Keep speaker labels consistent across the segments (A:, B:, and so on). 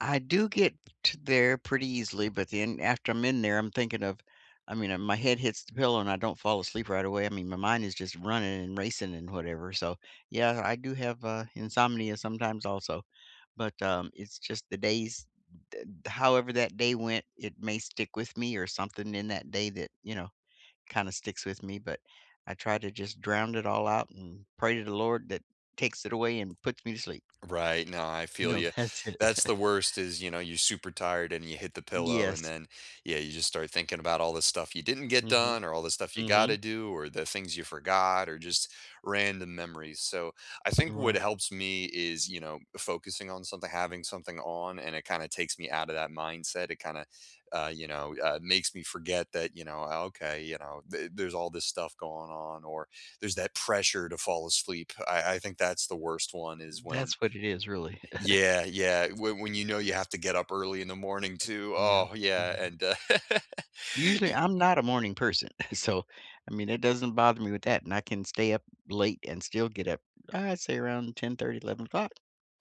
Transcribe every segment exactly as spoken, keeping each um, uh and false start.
A: I do get to there pretty easily, but then after I'm in there, I'm thinking of I mean, and my head hits the pillow and I don't fall asleep right away, I mean, my mind is just running and racing and whatever, so, yeah, I do have, uh, insomnia sometimes also, but, um, it's just the days, d however that day went, it may stick with me or something in that day that, you know, kinda sticks with me, but I try to just drowned it all out and pray to the Lord that takes it away and puts me to sleep.
B: Right, no I
A: You
B: feel
A: know,
B: you.
A: that's it.
B: That's the worst is, you know, you super tired and you hit the pillow and
A: Yes.
B: then, yeah, you just start thinking about all the stuff you didn't get
A: Mhm.
B: done or all the stuff you gotta
A: Mhm.
B: do or the things you forgot or just random memories, so I think what
A: Right.
B: helps me is, you know, focusing on something having something on and it kinda takes me out of that mindset. It kinda, uh, you know, uh, makes me forget that, you know, okay, you know, th there's all this stuff going on or there's that pressure to fall asleep. I I think that's the worst one is when
A: That's what it is, really.
B: Yeah, yeah, whe when you know you have to get up early in the morning, too.
A: Yeah,
B: Oh, yeah
A: mhm.
B: and, uh,
A: Usually,
B: y
A: I'm not a morning person, so, I mean, it doesn't bother me with that, and I can stay up late and still get up, I'd say, around ten thirty, eleven o'clock.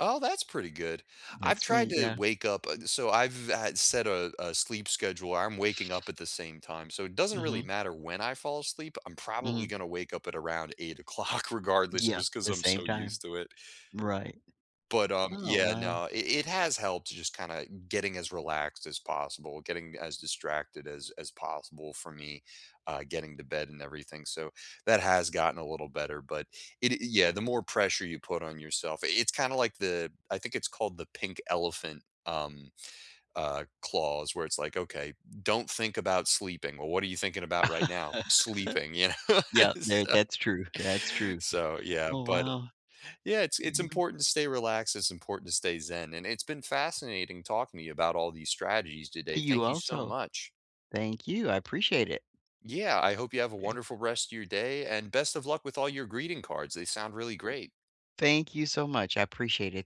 B: Oh, that's pretty good. I've
A: That's
B: tried
A: me,
B: to
A: yeah.
B: wake up uh, so I've had set a a sleep schedule, I'm waking up at the same time, so it doesn't really
A: Mhm.
B: matter when I fall asleep, I'm probably
A: Mhm.
B: gonna wake up at around eight o'clock regardless
A: Yeah.
B: just 'cause
A: The
B: I'm
A: same
B: so
A: time.
B: used to it.
A: Right.
B: But, um,
A: Oh,
B: yeah,
A: wow.
B: no. It it has helped to just kinda getting as relaxed as possible, getting as distracted as as possible for me, uh, getting to bed and everything so that has gotten a little better, but it e yeah, the more pressure you put on yourself i it's kinda like the I think it's called the pink elephant, um, uh, clause where it's like, "Okay, don't think about sleeping," well, “What are you thinking about right now?” “Sleeping,” you know,
A: Yeah. There
B: so
A: that's true, that's true.
B: so, yeah,
A: Oh,
B: but
A: wow.
B: Yeah, it's it's
A: Yeah.
B: important to stay relaxed, it's important to stay zen, and it's been fascinating talking to you about all these strategies today,
A: You
B: thank you so
A: also.
B: much.
A: Thank you, I appreciate it.
B: Yeah, I hope you have a
A: 'Kay.
B: wonderful rest of your day, and best of luck with all your greeting cards, they sound really great.
A: Thank you so much, I appreciate it.